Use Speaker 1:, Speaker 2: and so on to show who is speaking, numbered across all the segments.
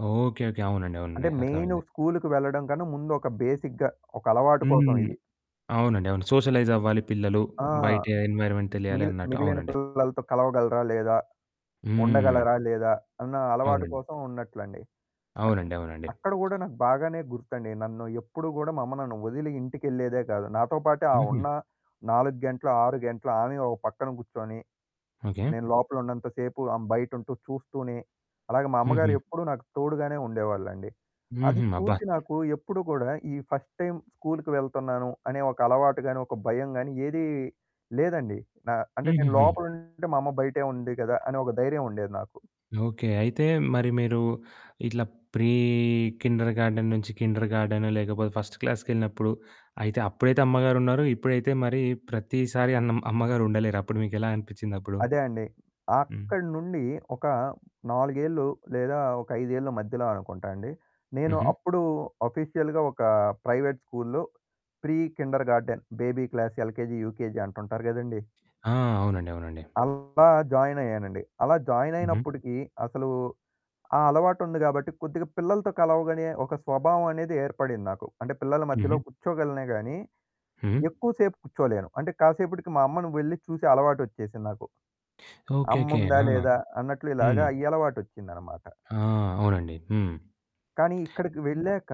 Speaker 1: Okay. Okay. అవునండి.
Speaker 2: అంటే
Speaker 1: అవునండి.
Speaker 2: మెయిను
Speaker 1: అర్థమైంది.
Speaker 2: స్కూలుకి వెళ్ళడం కన్నా ముందొక బేసిక్‌గా ఒక అలవాటు
Speaker 1: హ్మ్.
Speaker 2: కోసమిది.
Speaker 1: అవునండి. అవును. సోషలైజవ్వాలి పిల్లలు.
Speaker 2: ఆ!
Speaker 1: బయట ఎన్వైర్‌మెంట్ తెలియాలి
Speaker 2: మిగిలి
Speaker 1: అన్నట్టు.
Speaker 2: మిగిలిన
Speaker 1: అవునండి.
Speaker 2: పిల్లలతో కలవగలరా? లేదా?
Speaker 1: హ్మ్.
Speaker 2: ఉండగలరా? లేదా? అన్న అలవాటు
Speaker 1: అవునండీ.
Speaker 2: కోసం ఉన్నట్లండి. అ
Speaker 1: అవునండి. అవునండి.
Speaker 2: అక్కడ గూడా నాకు బాగానే గుర్తండి. నన్ను ఎప్పుడూ గూడా మా అమ్మ నన్ను వదిలి ఇంటికెళ్ళేదే గాదు. నాతో పాటే ఆ
Speaker 1: హుహు.
Speaker 2: ఉన్న 4 గంటలు, 6 గంటలు ఆమే ఒక పక్కన గూర్చొని.
Speaker 1: ఓకే.
Speaker 2: నేను లోపలున్నంత సేపు ఆమె బయటంటూ చూస్తూనే, అలాగ మా అమ్మగారు
Speaker 1: హుహు.
Speaker 2: ఎప్పుడూ నాకు తోడుగానే ఉండేవాళ్ళండి. అది
Speaker 1: హుహు. అబ్బా!
Speaker 2: చూసి నాకు ఎప్పుడూ కూడా ఈ ఫస్ట్ టైమ్ స్కూల్కి వెళ్తున్నాను, అనే ఒక అలవాటు గాని, ఒక భయం గాని ఏదీ లేదండి. నా అంటే నేను
Speaker 1: హుహుహు.
Speaker 2: లోపలుంటే మా అమ్మ బయటే ఉంది గదా! అనే ఒక ధైర్యముండేది నాకు.
Speaker 1: ఓకే. అయితే మరి మీరు ఇట్లా ప్రీ కిండర్‌గార్టెన్ నుంచి కిండర్‌గార్టెన్ లేకపోతే ఫస్ట్ క్లాస్‌కెళ్ళినప్పుడు అయితే అప్పుడైతే అమ్మగారున్నారు. ఇప్పుడైతే మరి ప్రతిసారి అన్ అమ్మగారుండలేరు. అప్పుడు మీకెలా అనిపిచ్చిందప్పుడు?
Speaker 2: అదే అండి.
Speaker 1: హ్మ్.
Speaker 2: అక్కడి నుండి ఒక 4 ఏళ్లు లేదా ఒక 5 ఏళ్ల మధ్యలో అనుకుంటా అండి. నేను
Speaker 1: హుహు.
Speaker 2: అప్పుడు ఆఫీషియల్‌గా ఒక ప్రైవేట్ స్కూల్లో pre kindergarten baby class, LKG, UKG అంటుంటారు గదండీ.
Speaker 1: ఆ! అవునండి. అవునండి.
Speaker 2: అలా జాయినయ్యానండి. అలా జాయిన్
Speaker 1: హుహు.
Speaker 2: అయినప్పుడికీ అసలూ ఆ అలవాటుంది గాబట్టి కొద్దిగా పిల్లలతో కలవగనే ఒక స్వభావమనేది ఏర్పడింది నాకు. అంటే పిల్లల మధ్యలో
Speaker 1: హుహు.
Speaker 2: కుచ్చోగలనే గాని,
Speaker 1: హ్మ్.
Speaker 2: ఎక్కువ సేపు కుచ్చోలేను. అంటే కాసేపటికి మా అమ్మను వెళ్లి చూసే అలవాటొచ్చేసింది నాకు.
Speaker 1: ఓకే. ఓకే.
Speaker 2: అమ్ముందా
Speaker 1: ఆ!
Speaker 2: లేదా అన్నట్లు. ఇలాగా
Speaker 1: హ్మ్.
Speaker 2: ఈ అలవాటొచ్చిందన్నమాట.
Speaker 1: ఆ! అవునండి. హ్మ్.
Speaker 2: కానీ ఇక్కడికి వెళ్ళాక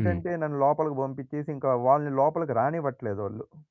Speaker 1: హ్మ్.
Speaker 2: నన్ను లోపలికి పంపించేసి ఇంకా వాళ్ళని లోపలికి రానివ్వట్లేదోళ్ళు.